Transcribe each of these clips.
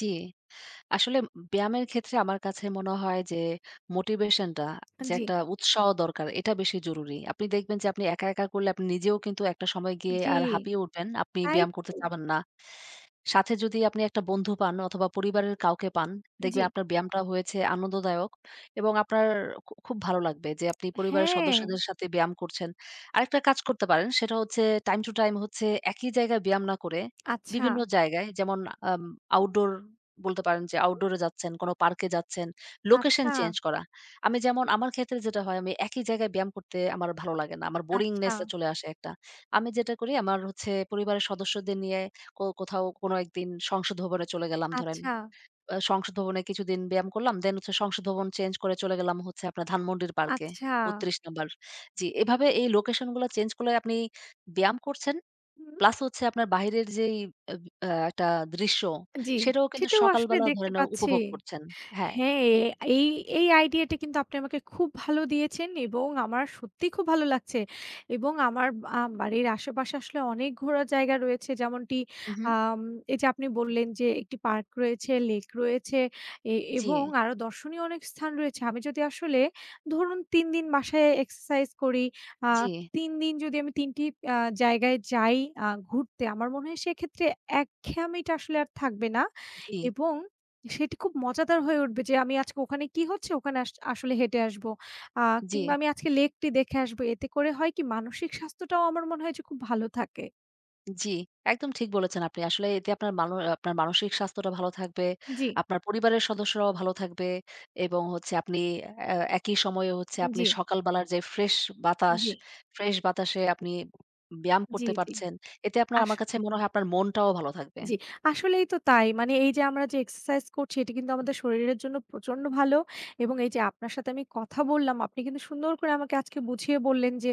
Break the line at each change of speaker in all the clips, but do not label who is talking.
জি। আসলে উম ব্যায়ামের ক্ষেত্রে আমার কাছে মনে হয় যে, "মোটিভেশনটা
আ
যে
জি।
একটা উৎসাহ দরকার, এটা বেশি জরুরি।" আপনি দেখবেন যে আপনি একা, একা করলে আপনি নিজেও কিন্তু একটা সময় গিয়ে
জি,
আর হাঁপিয়ে উঠবেন। আপনি
তাই
ব্যায়াম করতে
তো।
চাবেন না। সাথে যদি আপনি একটা বন্ধু পান অথবা, পরিবারের কাউকে পান, দেখবেন
জি।
আপনার ব্যায়ামটা হয়েছে আনন্দদায়ক এবং আপনার খু খুব ভালো লাগবে যে আপনি পরিবারের সদস্যদের
হ্যা।
সাথে ব্যায়াম করছেন। আরেকটা কাজ করতে পারেন সেটা হচ্ছে টাইম টু টাইম হচ্ছে একই জায়গায় ব্যায়াম না করে,
আচ্ছা।
বিভিন্ন জায়গায় যেমন: আম আউটডোর বলতে পারেন যে
হুম?
আউটডোরে যাচ্ছেন, কোন পার্কে যাচ্ছেন, লোকেশন চেঞ্জ
আচ্ছা।
করা। আমি যেমন আমার ক্ষেত্রে যেটা হয়, আমি একই জায়গায় ব্যায়াম করতে আমার ভালো লাগে না। আমার বোরিংনেস আ
আচ্ছা।
চলে আসে একটা। আমি যেটা করি, আমার হচ্ছে পরিবারের সদস্যদের নিয়ে কো কোথাও কোন একদিন সংসদ ভবনে চলে গেলাম ধরেন।
আচ্ছা।
বা সংসদ ভবনে কিছুদিন ব্যায়াম করলাম। দেন হচ্ছে সংসদ ভবন চেঞ্জ করে চলে গেলাম হচ্ছে আপনার ধানমন্ডির পার্কে।
আচ্ছা।
৩২ নম্বর। জি, এভাবে এই লোকেশনগুলা চেঞ্জ করলে আপনি ব্যায়াম করছেন।
হুম।
প্লাস হচ্ছে আপনার বাহিরের যেই আম আ একটা দৃশ্য,
জি,
সেটাও কিন্তু
সেটাও আসলে
সকালবেলা ধরে
দেখতে
নেও
পাচ্ছি।
উপভোগ করছেন। হ্যা।
হ্যা, এ এই এই আইডিয়াটা কিন্তু আপনি আমাকে খুব ভালো দিয়েছেন এবং আমার সত্যিই খুব ভালো লাগছে। এবং আমার আ বাড়ির আশেপাশে আসলে অনেক ঘোরার জায়গা রয়েছে। যেমনটি
উহু।
আম এইযে আপনি বললেন যে, "একটি পার্ক রয়েছে, লেক রয়েছে এ এবং
জি।
আরো দর্শনীয় অনেক স্থান রয়েছে।" আমি যদি আসলে ধরুন ৩ দিন বাসায় এক্সারসাইজ করি, আ
জি।
৩ দিন যদি আমি ৩ টি আ জায়গায় যাই আ ঘুরতে, আমার মনে হয় সেক্ষেত্রে একঘেয়েমিটা আসলে আর থাকবে না
জি।
এবং সেটি খুব মজাদার হয়ে উঠবে যে আমি আজকে ওখানে কি হচ্ছে ওখানে আস আসলে হেঁটে আসবো। আ
জি।
কিংবা আমি আজকে লেকটি দেখে আসব। এতে করে হয় কি? মানসিক স্বাস্থ্যটাও আমার মনে হয় যে খুব ভালো থাকে।
জি, একদম ঠিক বলেছেন আপনি। আসলে এতে আপনার মান অ আপনার মানসিক স্বাস্থ্যটা ভালো থাকবে।
জি।
আপনার পরিবারের সদস্যরাও ভালো থাকবে। এবং হচ্ছে আপনি এ একই সময়ে হচ্ছে
আ
আপনি
জি।
সকালবেলার যে ফ্রেশ বাতাস,
জি।
ফ্রেশ বাতাসে আপনি উব ব্যায়াম
জি,
করতে
জি,
পারছেন। এতে আপনার
আস
আমার কাছে মনে হয় আপনার মনটাও ভালো থাকবে।
জি। আসলেই তো তাই। মানে এইযে আমরা যে এক্সারসাইজ করছি, এটি কিন্তু আমাদের শরীরের জন্য প্রচন্ড ভালো। এবং এইযে আপনার সাথে আমি কথা বললাম, আপনি কিন্তু সুন্দর করে আমাকে আজকে বুঝিয়ে বললেন যে,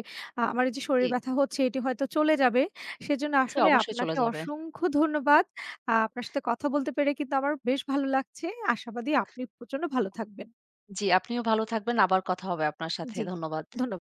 আমার এইযে শরীর
জি।
ব্যথা হচ্ছে এটি হয়তো চলে যাবে। সেজন্য
জি,
আসলে
অবশ্যই চলে
আপনাকে
যাবে।
অসংখ্য ধন্যবাদ। আ আপনার সাথে কথা বলতে পেরে কিন্তু আমার বেশ ভালো লাগছে। আশাবাদী আপনি প্রচন্ড ভালো থাকবেন।
জি, আপনিও ভালো থাকবেন। আবার কথা হবে আপনার সাথে।
জি,
ধন্যবাদ।
ধন্যবাদ।